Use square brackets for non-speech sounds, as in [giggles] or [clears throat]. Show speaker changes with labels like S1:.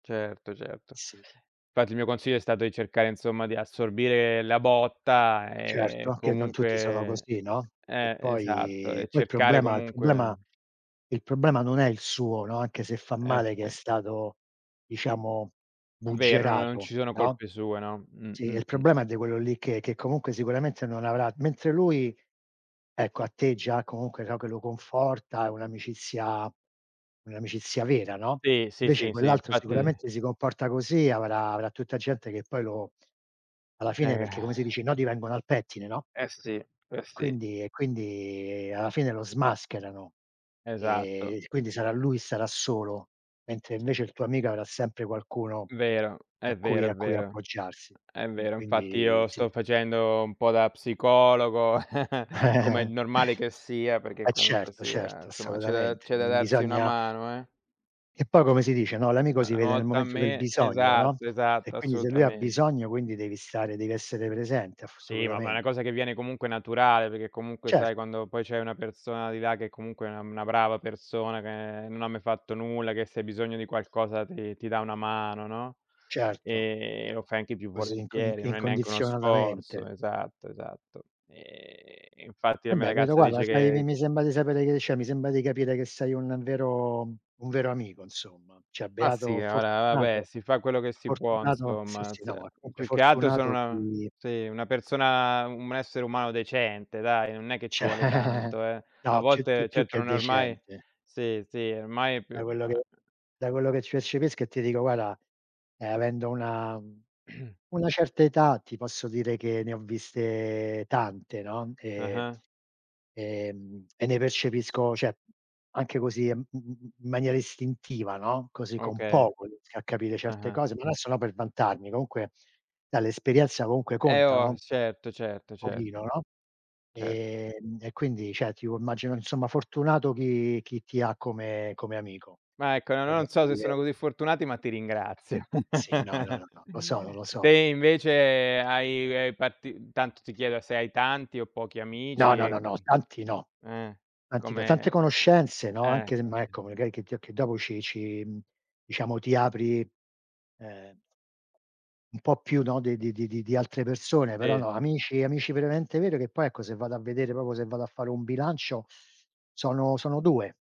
S1: Certo, certo.
S2: Sì.
S1: Infatti il mio consiglio è stato di cercare insomma di assorbire la botta,
S2: Certo,
S1: ehm,
S2: anche non tutti sono
S1: comunque
S2: così, no. E
S1: eh, esatto
S2: poi
S1: e
S2: poi il
S1: cercare
S2: problema il problema
S1: comunque
S2: il problema non è il suo, no, anche se fa
S1: Eh
S2: male che è
S1: sì.
S2: stato diciamo
S1: Vero, non
S2: buggerato,
S1: ci sono
S2: no,
S1: colpe sue, no, mh,
S2: sì,
S1: mh,
S2: il
S1: mh.
S2: problema è di quello lì che che comunque sicuramente non avrà mentre lui, ecco a te già comunque, no, che lo conforta, è un'amicizia un'amicizia vera, no,
S1: Sì, sì,
S2: invece
S1: sì, sì,
S2: quell'altro
S1: infatti
S2: sicuramente si comporta così, avrà avrà tutta gente che poi lo alla fine,
S1: Eh
S2: perché
S1: [sighs]
S2: come si dice, i nodi vengono al pettine, no?
S1: Eh sì, eh sì.
S2: Quindi e quindi alla fine lo smascherano,
S1: Esatto.
S2: ehm, quindi sarà lui e sarà solo, mentre invece il tuo amico avrà sempre qualcuno
S1: Vero,
S2: a
S1: è
S2: cui
S1: vero, è
S2: a cui
S1: vero,
S2: appoggiarsi.
S1: è
S2: Uhm,
S1: vero. Infatti
S2: quindi
S1: io
S2: sì.
S1: sto facendo un po' da psicologo, [chuckles] come è
S2: [giggles]
S1: normale che sia, perché
S2: E
S1: comunque
S2: certo,
S1: sia,
S2: certo,
S1: insomma, c'è da
S2: assolutamente.
S1: c'è da
S2: Non
S1: darsi una
S2: bisogna
S1: mano eh.
S2: E poi come si dice, no: "L'amico si
S1: Una
S2: vede nel
S1: volta a
S2: momento del
S1: me,
S2: bisogno." no,
S1: esatto,
S2: e
S1: esatto,
S2: quindi se lui ha
S1: assolutamente.
S2: bisogno, quindi devi stare, devi essere presente
S1: Sì, ma ma è
S2: assolutamen
S1: una cosa che viene comunque naturale, perché comunque, sai,
S2: Certo.
S1: quando poi c'hai una persona di là che comunque è una una brava persona, che non ha mai fatto nulla, che se hai bisogno di qualcosa ti ti dà una mano, no,
S2: Certo.
S1: ehm, lo fai anche più
S2: Così inc inc
S1: volentieri, non è neanche uno
S2: incondizionatamente.
S1: sforzo, esatto, esatto. Ehm, infatti la mia
S2: Vabbè, vedo
S1: ragazza
S2: guarda,
S1: dice
S2: sai,
S1: che
S2: mi sembra di sapere che c'è mi sembra di capire che sei un vero un vero amico insomma. Cioè
S1: Ma sì,
S2: beato
S1: ora vabbè,
S2: fortunato
S1: si fa quello che si può
S2: fortunato sì,
S1: insomma,
S2: sì, no,
S1: ze
S2: ma comunque
S1: più che altro sono
S2: fortunato
S1: una
S2: chi
S1: sì, una persona un essere umano decente dai, non è che ci
S2: C'è
S1: vuole tanto, eh. A
S2: no, più più
S1: volte,
S2: più
S1: certo
S2: che
S1: non è ormai
S2: decente
S1: sì, sì, ormai è più
S2: Da quello che
S1: [unintelligible]
S2: da quello che percepisco e ti dico, guarda, ehm, avendo una
S1: [clears throat]
S2: una certa età ti posso dire che ne ho viste tante, no, ehm,
S1: Ah-ah.
S2: ehm, e ne percepisco, cioè anche così in m m m maniera istintiva, no, così con
S1: Okay.
S2: poco riesco a capire certe
S1: Ah-ah.
S2: cose non è solo per vantarmi. Comunque dall'esperienza comunque
S1: Eh
S2: conta, no,
S1: oh,
S2: un
S1: certo, certo,
S2: pochino,
S1: certo.
S2: no,
S1: Certo.
S2: ehm e quindi cioè ti immagino insomma fortunato chi chi ti ha come come amico.
S1: Ma ecco, non ho non so se
S2: [unintelligible]
S1: sono così fortunati, ma ti ringrazio.
S2: Sì, no, no,
S1: [chuckles]
S2: no, no, lo sono, lo
S1: Te
S2: sono.
S1: invece hai hai parti tanto ti chiedo se hai tanti o pochi
S2: No,
S1: amici
S2: no, no,
S1: ec
S2: no, tanti no,
S1: uhm, eh,
S2: tanti no, tante
S1: come
S2: conoscenze, no, anche se
S1: ecco
S2: ma
S1: sì.
S2: ecco magari che ti che dopo ci ci diciamo ti apri, ehm un po' più, no, di di di di altre persone, però
S1: Sì.
S2: no, amici amici veramente veri, che poi ecco, se vado a vedere proprio se vado a fare un bilancio sono sono 2.